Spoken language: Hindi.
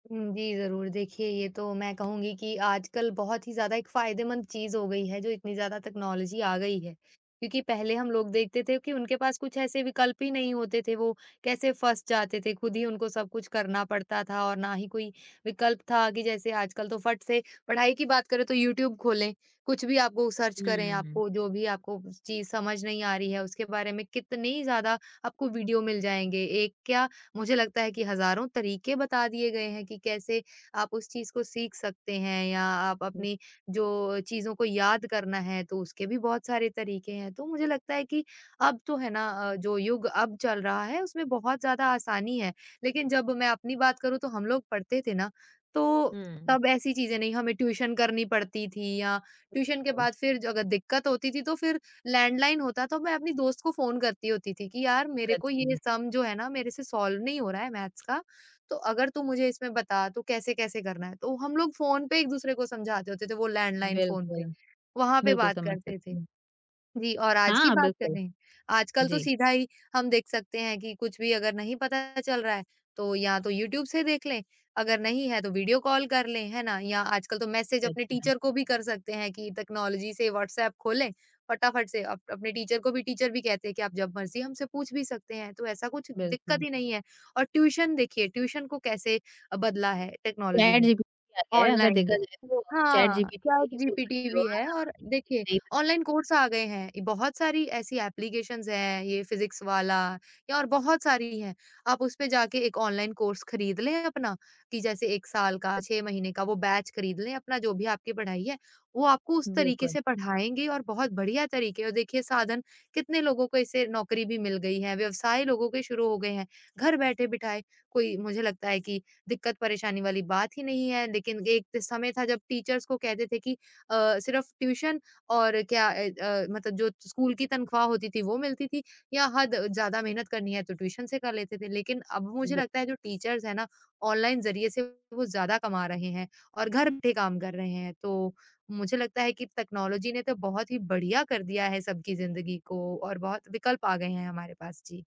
हुँ। जी, ज़रूर देखिए ये तो मैं कहूँगी कि आजकल बहुत ही ज़्यादा एक फ़ायदेमंद चीज़ हो गई है, जो इतनी ज़्यादा टेक्नोलॉज़ी आ गई है क्योंकि पहले हम लोग देखते थे कि उनके पास कुछ ऐसे विकल्प ही नहीं होते थे, वो कैसे फँस जाते थे, खुद ही उनको सब कुछ करना पड़ता था और ना ही कोई विकल्प था कि जैसे आजकल तो फट से पढ़ाई की बात करें तो यूट्यूब खोलें, कुछ भी आप वो सर्च हुँ, करें हुँ, हुँ। आपको जो भी आपको चीज़ समझ नहीं आ रही है, उसके बारे में कितनी ज़्यादा आपको वीडियो मिल जाएँगे। एक क्या, मुझे लगता है कि हज़ारों तरीके बता दिए गए हैं कि कैसे आप उस चीज़ को सीख सकते हैं या आप हुँ। अपनी जो चीज़ों को याद करना है तो उसके भी बहुत सारे तरीके हैं। तो मुझे लगता है कि अब तो है ना अ, जो युग अब चल रहा है उसमें बहुत ज़्यादा आसानी है। लेकिन जब मैं अपनी बात करूँ तो हम लोग पढ़ते थे ना तो हुँ। तब ऐसी चीज़ें नहीं, हमें ट्यूशन करनी पड़ती थी या ट्यूशन के [unintelligible] बाद फिर अगर दिक़्कत होती थी तो फिर लैंडलाइन होता तो मैं अपनी दोस्त को फ़ोन करती होती थी कि यार मेरे को सच ये में। सम जो है ना मेरे से सॉल्व नहीं हो रहा है मैथ्स का, तो अगर तू मुझे इसमें बता तो कैसे-कैसे करना है? तो हम लोग फ़ोन पे एक-दूसरे को समझाते होते थे, वो लैंडलाइन फ़ोन पे, बिल्कुल। वहाँ पे बिल्कुल, बात समझ करते सकती थे। हूँ। जी, और आज की हाँ, बात बिल्कुल। करें, आजकल तो जी। सीधा ही हम देख सकते हैं कि कुछ भी अगर नहीं पता चल रहा है तो या तो यूट्यूब से देख लें अगर नहीं है तो वीडियो कॉल कर लें, है ना? या आजकल तो मैसेज अपने सच में। टीचर को भी कर सकते हैं कि टेक्नोलॉज़ी से, व्हाट्सएप खोलें फ़टाफ़ट से अप अपने टीचर को भी टीचर भी कहते हैं कि आप जब मर्ज़ी हमसे पूछ भी सकते हैं। तो ऐसा कुछ दिक़्कत बिल्कुल। ही नहीं है और ट्यूशन देखिए ट्यूशन को कैसे बदला है टेक्नोलॉज़ी ने। चैटजीपीटी आ गया है, अगर देखा ऑनलाइन जाए तो अ, चैट हाँ, जीपीटी से चैट भी बोल जीपीटी सकते हो भी आप। है और आराम देखिए से एक नयी [unintelligible] ऑनलाइन कोर्स आ गए हैं, बहुत सारी ऐसी एप्लीकेशंस हैं, ये फिज़िक्स वाला और बहुत सारी हैं, आप उसपे जाके एक ऑनलाइन कोर्स खरीद लें अपना कि जैसे 1 साल का, 6 महीने का, वो बैच ख़रीद लें अपना जो भी आपकी पढ़ाई है। वो आपको उस तरीक़े बिल्कुल। से पढ़ाएँगे और बहुत बढिया तरीक़े और देखिए साधन कितने लोगों को इससे नौकरी भी मिल गई है, व्यवसाय लोगों के शुरू हो गए हैं घर बैठे-बिठाए, कोई मुझे लगता है कि दिक़्कत परेशानी वाली बात ही नहीं है लेकिन एक समय था जब टीचर्स को कहते थे कि अ, सिर्फ़ ट्यूशन और क्या अ अ, मतलब जो स्कूल की तनख़्वाह होती थी वो मिलती थी या हद ज़्यादा मेहनत करनी है तो ट्यूशन से कर लेते थे। लेकिन अब मुझे बि लगता है जो टीचर्स हैं ना ऑनलाइन ज़रिए से वो ज़्यादा कमा रहे हैं और घर बैठे काम कर रहे हैं। तो मुझे लगता है कि टेक्नोलॉज़ी ने तो बहुत ही बढ़िया कर दिया है सबकी ज़िंदगी को और बहुत विकल्प आ गए हैं हमारे पास। जी।